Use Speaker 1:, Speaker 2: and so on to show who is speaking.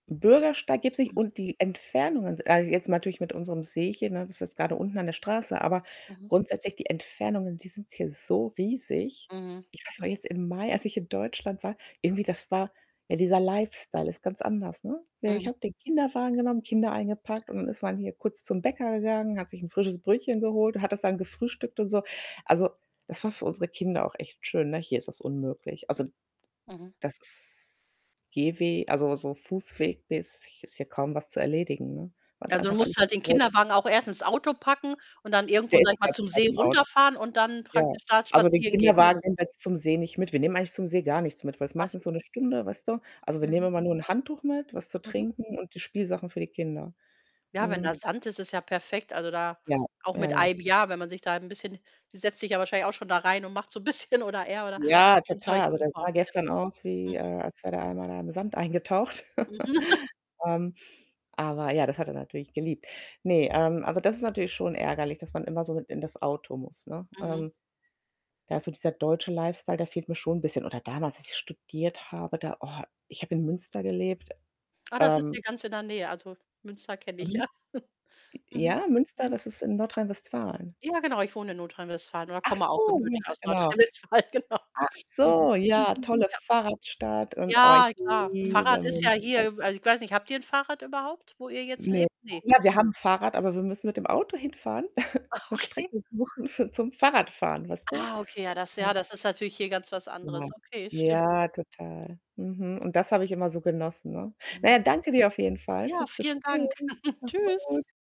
Speaker 1: 'N Bürgersteig gibt's nicht und die Entfernungen s also jetzt natürlich mit unserem Seechen, ne? Das ist jetzt grade unten an der Straße, aber
Speaker 2: Mhm.
Speaker 1: grundsätzlich die Entfernungen, die sind hier so riesig.
Speaker 2: Mhm.
Speaker 1: Ich weiß noch jetzt im Mai als ich in Deutschland war, irgendwie das war, ja, dieser Lifestyle ist ganz anders, ne? Ja, ich
Speaker 2: Mhm.
Speaker 1: habe den Kinderwagen genommen, Kinder eingepackt und dann ist man hier kurz zum Bäcker gegangen, hat sich 'n frisches Brötchen geholt und hat das dann gefrühstückt und so. Also, das war für unsere Kinder auch echt schön, ne? Hier ist das unmöglich. Also,
Speaker 2: Mhm.
Speaker 1: das ist Gehwe also so Fußweg-mäßig ist hier kaum was zu erledigen, ne, weil's
Speaker 2: Also, du
Speaker 1: einfach
Speaker 2: musst
Speaker 1: alles zu
Speaker 2: halt den
Speaker 1: groß ist.
Speaker 2: Kinderwagen auch erst ins Auto packen und dann irgendwo,
Speaker 1: Der
Speaker 2: sage
Speaker 1: ist
Speaker 2: ich
Speaker 1: die
Speaker 2: mal,
Speaker 1: ganze
Speaker 2: zum
Speaker 1: Zeit
Speaker 2: See
Speaker 1: im Auto.
Speaker 2: runterfahren und dann
Speaker 1: Ja.
Speaker 2: praktisch da
Speaker 1: Also, den
Speaker 2: spazieren gehen, dann?
Speaker 1: Kinderwagen nehmen wir zum See nicht mit. Wir nehmen eigentlich zum See gar nichts mit, weil's
Speaker 2: Ach
Speaker 1: meistens
Speaker 2: so.
Speaker 1: so 1 Stunde, weißt du? Also, wir nehmen
Speaker 2: Mhm.
Speaker 1: immer nur ein Handtuch mit, was zu
Speaker 2: Mhm.
Speaker 1: trinken und die Spielsachen für die Kinder.
Speaker 2: Ja, wenn
Speaker 1: Mhm.
Speaker 2: da Sand ist, ist ja perfekt. Also, da
Speaker 1: Ja,
Speaker 2: auch
Speaker 1: ja,
Speaker 2: mit
Speaker 1: ja.
Speaker 2: ei b ja, wenn man sich da 'n bisschen die setzt sich ja wahrscheinlich auch schon da rein und macht so 'n bisschen oder er, oder
Speaker 1: Ja,
Speaker 2: mit dem Zeug
Speaker 1: total und der
Speaker 2: super,
Speaker 1: sah
Speaker 2: ja.
Speaker 1: gestern aus wie,
Speaker 2: Mhm.
Speaker 1: äh, als wäre der einmal in einem Sand eingetaucht.
Speaker 2: Mhm.
Speaker 1: Ähm, aber ja, das hat er natürlich geliebt. Ne, ähm, also das ist natürlich schon ärgerlich, dass man immer so mit in das Auto muss, ne?
Speaker 2: Mhm.
Speaker 1: Ähm, da ist so dieser deutsche Lifestyle, der fehlt mir schon 'n bisschen. Oder damals, als ich studiert habe, da oh, ich habe in Münster gelebt.
Speaker 2: Ah, das ist
Speaker 1: Ähm,..
Speaker 2: hier ganz
Speaker 1: [unintelligible]
Speaker 2: in der Nähe. Also, Münster kenne ich
Speaker 1: Mhm.
Speaker 2: ja.
Speaker 1: J
Speaker 2: Mhm.
Speaker 1: ja, Münster,
Speaker 2: Mhm.
Speaker 1: das ist in Nordrhein-Westfalen.
Speaker 2: Ja, genau, ich wohne in Nordrhein-Westfalen oder
Speaker 1: Ach
Speaker 2: komme auch
Speaker 1: so, ja,
Speaker 2: gebürtig aus
Speaker 1: genau.
Speaker 2: Nordrhein-Westfalen, genau.
Speaker 1: Ach
Speaker 2: Mhm.
Speaker 1: so, ja,
Speaker 2: Mhm,
Speaker 1: tolle
Speaker 2: ja.
Speaker 1: Fahrradstadt und, oh, ich
Speaker 2: Ja, klar.
Speaker 1: liebe
Speaker 2: Fahrrad ist ja
Speaker 1: Münster.
Speaker 2: hier also, ich weiß nicht, habt ihr 'n Fahrrad überhaupt, wo ihr jetzt
Speaker 1: Ne.
Speaker 2: lebt? Ne.
Speaker 1: [unintelligible] wir haben ein Fahrrad, aber wir müssen mit dem Auto hinfahren.
Speaker 2: Ah,
Speaker 1: 'Ne
Speaker 2: okay.
Speaker 1: Strecke suchen, für zum Fahrradfahren, weißt du?
Speaker 2: Ah, okay, ja, das
Speaker 1: Ähm
Speaker 2: ja, das ist natürlich hier ganz was
Speaker 1: Ja,
Speaker 2: anderes. Okay, stimmt schon.
Speaker 1: ja, total. Mhm und das habe ich immer so genossen, ne? Na ja,
Speaker 2: Mhm.
Speaker 1: danke dir auf jeden Fall
Speaker 2: Ja,
Speaker 1: fürs
Speaker 2: vielen
Speaker 1: Gespräch.
Speaker 2: Dank.
Speaker 1: Mach's
Speaker 2: Tschüss.
Speaker 1: gut.